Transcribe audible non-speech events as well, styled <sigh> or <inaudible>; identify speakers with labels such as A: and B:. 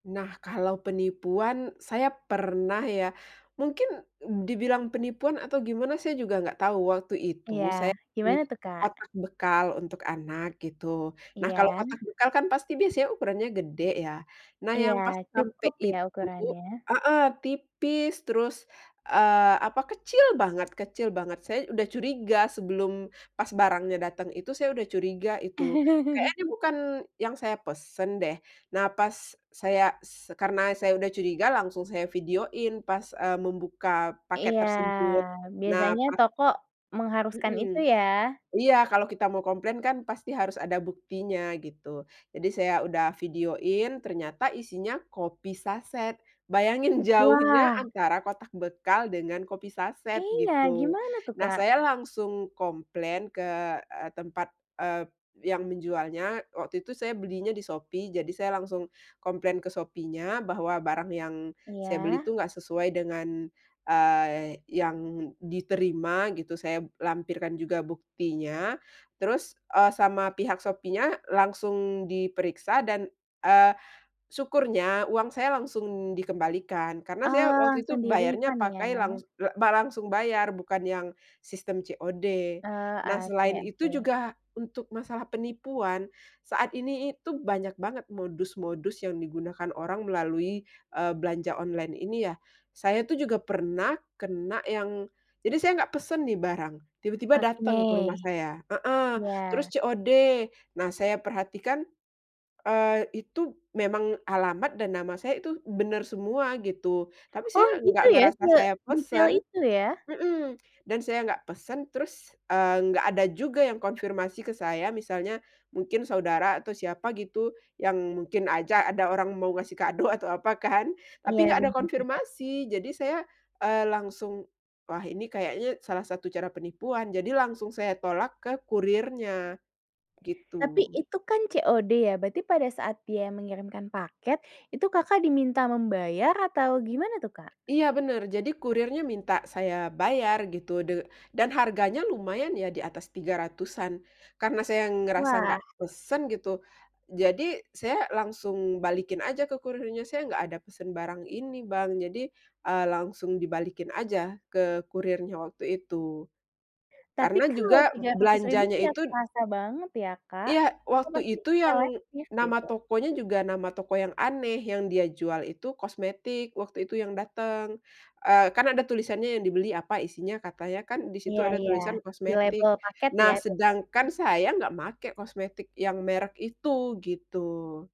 A: Nah, kalau penipuan, saya pernah ya mungkin dibilang penipuan atau gimana saya juga gak tau, waktu itu saya
B: Iya,
A: beli
B: gimana tuh, Kak?
A: kotak bekal untuk anak gitu. Nah, kalau
B: Iya.
A: kotak bekal kan pasti biasanya ukurannya gede ya. Nah,
B: Iya,
A: yang pas sampe
B: cukup ya
A: itu
B: ukurannya.
A: heeh, tipis, terus, eee, apa kecil banget kecil banget. Saya udah curiga sebelum pas barangnya dateng itu, saya udah curiga itu, kayaknya
B: <chuckles>
A: ini bukan yang saya pesen deh. Nah, pas saya s karena saya udah curiga langsung saya videoin pas, eee, membuka paket
B: Iya,
A: tersebut. Nah,
B: biasanya
A: pas
B: toko mengharuskan itu
A: Mhm,
B: ya.
A: iya, kalau kita mau komplain kan pasti harus ada buktinya gitu. Jadi saya udah videoin, ternyata isinya kopi sachet. Bayangin jauhnya
B: Wah.
A: antara kotak bekal dengan kopi sachet
B: Iya,
A: gitu.
B: gimana tuh,
A: Nah,
B: Kak?
A: saya langsung komplain ke, eee, tempat, eee, yang menjualnya. Waktu itu saya belinya di Shopee, jadi saya langsung komplain ke Shopee-nya bahwa barang yang saya beli
B: Iya.
A: itu ga sesuai dengan, eee, yang diterima gitu. Saya lampirkan juga buktinya terus, eee, sama pihak Shopee-nya langsung diperiksa dan, eee, syukurnya uang saya langsung dikembalikan. Karena saya
B: Oh,
A: waktu itu
B: langsung di
A: bayarnya
B: refund
A: pakai langs
B: ya.
A: ba langsung bayar, bukan yang sistem COD. Nah,
B: Eee, oke
A: selain itu
B: oke.
A: juga untuk masalah penipuan saat ini itu banyak banget modus-modus yang digunakan orang melalui, eee, belanja online ini ya. Saya tuh juga pernah kena yang jadi saya nggak pesen nih barang tiba-tiba
B: Oke,
A: dateng ke rumah saya heeh,
B: iya.
A: terus COD. Nah, saya perhatikan, eee, itu memang alamat dan nama saya itu benar semua gitu tapi
B: Oh,
A: saya nggak
B: gitu ya.
A: ngerasa saya
B: Sedetail
A: pesen
B: itu ya.
A: mhm, dan saya nggak pesen, terus, eee, nggak ada juga yang konfirmasi ke saya misalnya mungkin saudara atau siapa gitu, yang mungkin aja ada orang mau ngasih kado atau apa kan
B: Iya,
A: tapi nggak ada
B: bener.
A: konfirmasi. Jadi saya, eee, langsung, wah, ini kayaknya salah satu cara penipuan jadi langsung saya tolak ke kurirnya,
B: Tapi
A: gitu.
B: itu kan COD ya, berarti pada saat dia mengirimkan paket, itu Kakak diminta membayar atau gimana tuh, Kak?
A: Iya, bener, jadi kurirnya minta saya bayar gitu de dan harganya lumayan ya diatas 300-an karena saya ngerasa nggak
B: Wah.
A: pesen gitu, jadi saya langsung balikin aja ke kurirnya saya nggak ada pesen barang ini, Bang. Jadi, eee, langsung dibalikin aja ke kurirnya waktu itu.
B: Tapi
A: Karena
B: kalau
A: juga
B: Rp300.000
A: belanjanya
B: tuh ya
A: itu
B: terasa banget ya, Kak,
A: iya,
B: itu
A: waktu
B: pasti
A: itu yang
B: selektif
A: nama
B: gitu.
A: tokonya juga, nama toko yang aneh yang dia jual itu kosmetik, waktu itu yang dateng, eee, kan ada tulisannya yang dibeli apa isinya, katanya kan di situ
B: Iya
A: ada
B: iya,
A: tulisan kosmetik.
B: dilabel paket
A: Nah,
B: ya biasanya.
A: sedangkan saya nggak make kosmetik yang merk itu, gitu.